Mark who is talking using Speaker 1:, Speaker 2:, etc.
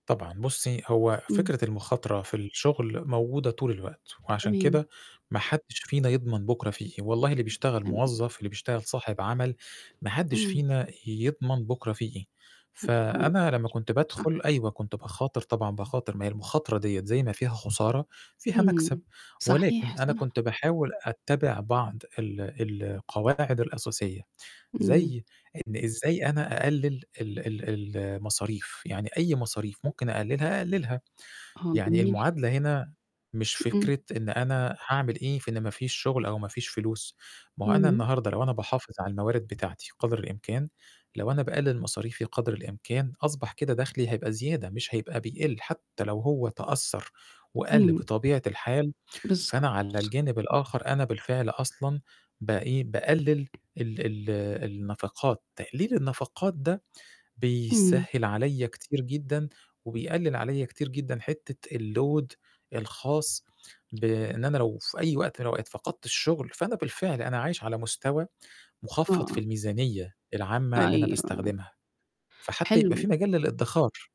Speaker 1: طبعًا، بُصّي هو
Speaker 2: إمم.
Speaker 1: فكرة المُخاطرة في الشُغل موجودة طول الوقت، وعشان
Speaker 2: تمام.
Speaker 1: كده ما حدش فينا يضمن بُكرة فيه إيه، والله اللي
Speaker 2: إمم،
Speaker 1: بيشتغل
Speaker 2: تمام.
Speaker 1: موظف، اللي بيشتغل صاحب عمل، ما حدش
Speaker 2: إمم.
Speaker 1: فينا ي يضمن بُكرة فيه إيه.
Speaker 2: امم، تمام،
Speaker 1: فأنا لمّا كنت
Speaker 2: ش صح.
Speaker 1: بادخُل أيوه كنت باخاطر طبعًا باخاطر ما هي المُخاطرة دِيّة زي ما فيها خسارة فيها مكسب،
Speaker 2: امم، صحيح،
Speaker 1: ولكن أنا كنت
Speaker 2: صح.
Speaker 1: باحاول أتّبع بعض ال القواعد الأساسية،
Speaker 2: اهم.
Speaker 1: زي إن إزاي أنا أقلِل ال ال المصاريف، يعني أي مصاريف ممكن أقلِلها، أقلِلها.
Speaker 2: آه،
Speaker 1: يعني
Speaker 2: جميل.
Speaker 1: المعادلة هنا مش
Speaker 2: امم.
Speaker 1: فكرة إن أنا هاعمل إيه في إن ما فيش شُغل أو ما فيش فلوس، ما هو أنا
Speaker 2: امم.
Speaker 1: النهارده لو أنا باحافظ على الموارد بتاعتي قدر الإمكان، لو أنا باقلِل مصاريفي قدر الإمكان أصبح كده دَخلي هيبقى زيادة مش هيبقى بيقِل حتى لو هو تأثّر وقَل
Speaker 2: إمم.
Speaker 1: بطبيعة الحال فأنا
Speaker 2: بالضبط.
Speaker 1: على الجانب الآخَر أنا بالفعل أصلًا بإيه، باقلِل ال ال النفقات، تقليل النفقات ده
Speaker 2: امم.
Speaker 1: بيسهّل عليَّ كتير جدًا، وبيقلِّل عليَّ كتير جدًا حتة الload الخاص بإن أنا لو في أي وقت من الأوقات فقدت الشُغل فأنا بالفعل أنا عايش على مستوى
Speaker 2: آه،
Speaker 1: مخفض في
Speaker 2: آه.
Speaker 1: الميزانية العامة اللي أنا
Speaker 2: أيوه.
Speaker 1: باستخدمها، فحتى يبقى في
Speaker 2: حلو.
Speaker 1: مجال للإدخار.